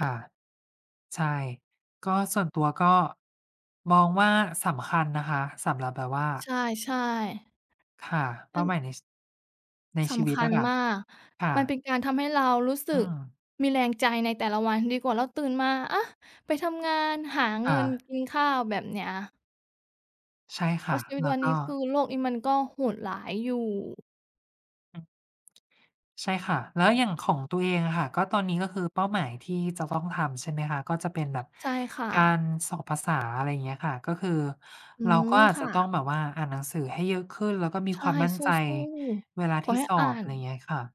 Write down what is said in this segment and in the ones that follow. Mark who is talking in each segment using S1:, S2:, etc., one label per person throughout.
S1: ค่ะ ใช่ ก็ส่วนตัวก็ มองว่าสำคัญนะคะ สำหรับแบบว่
S2: ใ
S1: า
S2: ช่ ๆ
S1: ค่ะ เป
S2: อ
S1: ้
S2: ั
S1: า
S2: น
S1: หมายใน ช ใน
S2: ส
S1: ชีว
S2: ำ
S1: ิ
S2: ค
S1: ต
S2: ั
S1: อ
S2: ญ
S1: ะค่ะ
S2: มาก
S1: ค่
S2: มันเ
S1: ะ
S2: ป็นการทำให้เรารู้สึ
S1: อื
S2: ก
S1: ม
S2: มีแรง ใจในแต่ละวันดีกว่าเราตื่นมา อะ! ไปทำงานหาเ
S1: ค
S2: ง
S1: ่
S2: ิน
S1: ะ
S2: กินข้าว แบบ เนี้ย
S1: ใช่ค
S2: เพร
S1: ่
S2: า
S1: ะ
S2: ะชีวิ
S1: แ
S2: ต
S1: ล้
S2: ว
S1: ว
S2: ัน
S1: ก
S2: นี้ คื
S1: ็
S2: อโลกนี้ มันก็โหดร้าย อยู่
S1: อืม ใช่ค่ะ แล้วอย่างของตัวเองอะค่ะ ก็ตอนนี้ก็คือเป้าหมายที่ จะต้องทำ ใช่ไหมคะ ก็จะ เป็นแบบ
S2: ใช่ค่
S1: กา
S2: ะ
S1: รสอบภาษา อะไรเงี้ยค่ะ ก็คือ
S2: อื
S1: เราก็
S2: อ
S1: อาจ
S2: ค
S1: จ
S2: ่
S1: ะต้อง
S2: ะ
S1: แบบ ว่าอ่านหนังสือให้เยอะขึ้นแล้วก็มี
S2: ใช
S1: ค
S2: ่
S1: วามมั่น
S2: สู
S1: ใจ
S2: ้
S1: เวลา
S2: ๆ ข
S1: ท
S2: อ
S1: ี่
S2: ให้
S1: สอ
S2: อ่า
S1: บ อะ
S2: น
S1: ไรเงี้ยค่ะ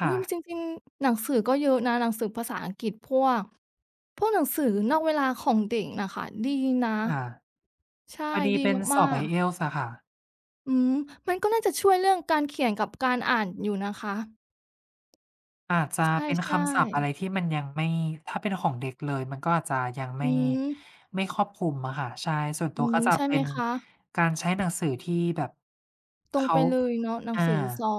S1: ค
S2: อุ
S1: ่
S2: ๊ย! ม
S1: ะ
S2: จริง ๆ หนังสือก็เยอะนะ หนังสือภาษาอังกฤษพวก พวกหนังสือนอกเวลาของเด็กน่ะค่ะ ดีนะ
S1: อา
S2: ใช่
S1: พอดี
S2: ดี
S1: เป็นส
S2: มา
S1: อบ
S2: ก ๆ
S1: IELTS อะค่ะ
S2: อืม มันก็น่าจะช่วยเรื่องการเขียนกับ การอ่านอยู่นะคะ
S1: อาจจะ
S2: ใ
S1: เป็น
S2: ช
S1: ค
S2: ่
S1: ำศัพท์อะไร
S2: ๆ
S1: ที่มันยังไม่ ถ้าเป็นของเด็กเลย มันก็อาจจะยัง
S2: อ
S1: ไม
S2: ื
S1: ่
S2: ม
S1: ไม่ครอบคลุมอะค่ะ ใช่ ส่วนต
S2: อ
S1: ั
S2: ื
S1: ว
S2: อฮ
S1: ก็
S2: ึ
S1: จะ
S2: ใช่
S1: เป
S2: ไห
S1: ็
S2: ม
S1: น
S2: คะ
S1: การใช้หนังสือที่แบบ
S2: ต
S1: เข
S2: รง
S1: า
S2: ไปเลยเนาะ หนั
S1: อ
S2: ง
S1: า
S2: สือสอบ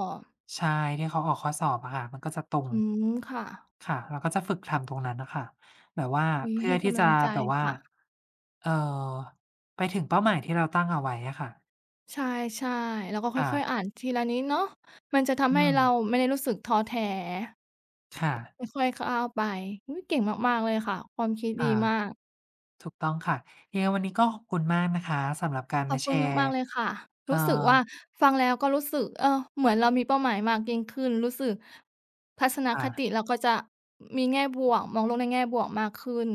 S1: ใช่ ที่เขาออกข้อสอบอะค่ะ มันก็จะ ตรง
S2: อืม ค่ะ
S1: ค่ะ เราก็จะฝึกทำตรงนั้นน่ะค่ะ แบบว่า
S2: อุ๊
S1: เ
S2: ย
S1: พื
S2: ใ
S1: ่
S2: ห
S1: อ
S2: ้
S1: ท
S2: ก
S1: ี่
S2: ำ
S1: จ
S2: ล
S1: ะ
S2: ังใจ
S1: แบบ ว่า
S2: ค่ะ
S1: เอ่อ ไปถึงเป้าหมายที่เราตั้งเอาไว้อะค่ะ
S2: ใช่ ๆ เราก็ค
S1: ค่
S2: ่อ
S1: ะ
S2: ย ๆ อ่านทีละนิดเนาะ มันจะท
S1: อื
S2: ำให้เรา
S1: ม
S2: ไม่ได้รู้สึกท้อแท้
S1: ค่ะ
S2: ค่อย ๆ ก้าวไป อุ๊ย! เก่งมาก ๆ เลยค่ะ ความคิด
S1: อ
S2: ดี
S1: า
S2: มาก
S1: ถูกต้องค่ะ ยังไงวันนี้ก็หอบคุณมากนะคะสำหรับการ
S2: ข
S1: ม
S2: อ
S1: า
S2: บ
S1: แ
S2: ค
S1: ช
S2: ุณ
S1: ร
S2: ม
S1: ์
S2: าก ๆ เลยค่ะ
S1: เอ
S2: ร
S1: ่อ
S2: ู้สึกว่าฟังแล้วก็รู้สึก เออ เหมือนเรามีเป้าหมายมากยิ่งขึ้น รู้สึก ทัศน
S1: ค่
S2: คต
S1: ะ
S2: ิเราก็จะ อ มี แง่บวก มองโลกในแง่บวกมากขึ้น